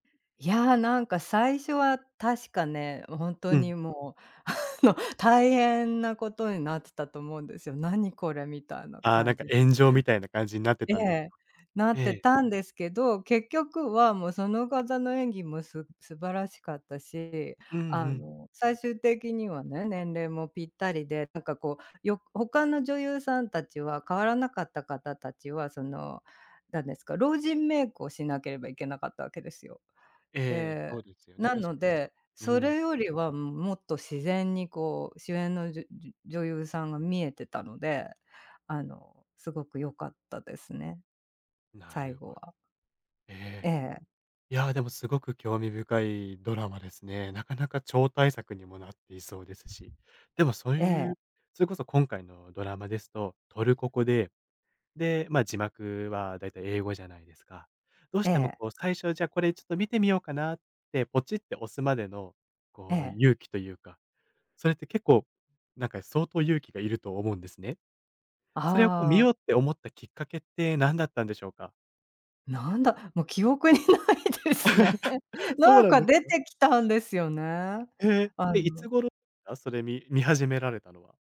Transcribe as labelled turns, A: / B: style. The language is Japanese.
A: いやあ、なんか最初は確かね、う、本当
B: うん。
A: にもうあの大変なことになってたと思うんですよ。「何これ」みたいな
B: ああなん
A: 感
B: か、
A: じで。
B: 炎上みたいな感じになって
A: え
B: たんです
A: え。
B: か。
A: なっ
B: え
A: て
B: え。
A: たんですけど、結局はもうその方の演技もす素晴らしかったし、
B: うんう
A: あ
B: ん。
A: の、最終的にはね、年齢もぴったりで、なんかこう、よ他の女優さん達は変わらなかった方達はその、なんですか、老人メイクをしなければいけなかったわけですよ。
B: ええ、
A: で、
B: そうですよね、
A: な
B: 確
A: の
B: かに、そ
A: で、
B: うう
A: そ
B: ん。
A: れよりはむもっと自然にこう主演のじゅ-じゅ女優さんが見えてたので。あの、すごく良かったですね、
B: な
A: 最
B: る
A: 後
B: ほど。
A: は。
B: え
A: え
B: え。
A: え。
B: いや、でもすごく興味深いドラマですね。なかなか超大作にもなっていそうですし。でもそう
A: え
B: い
A: え。
B: うそれこそ今回のドラマですと、トルコ語で、で、ま字幕はだいたい英語じゃないですか。どうし
A: え
B: ても、
A: え。
B: こう最初じゃあ「これちょっと見てみようかな」ってポチッて押すまでの、
A: え
B: こう
A: え。
B: 勇気というか、それって結構、なんか相当勇気がいると思うんですね。それをこう、見
A: ああ。
B: ようって思ったきっかけってなんだったんでしょうか。
A: なんだ、もう記憶にないですね。
B: そう
A: なん
B: なん
A: か
B: です
A: 出
B: か？
A: てきたんですよね。
B: へえ。
A: あ
B: え、いつ
A: の。
B: 頃すか？それみ見始められたのは。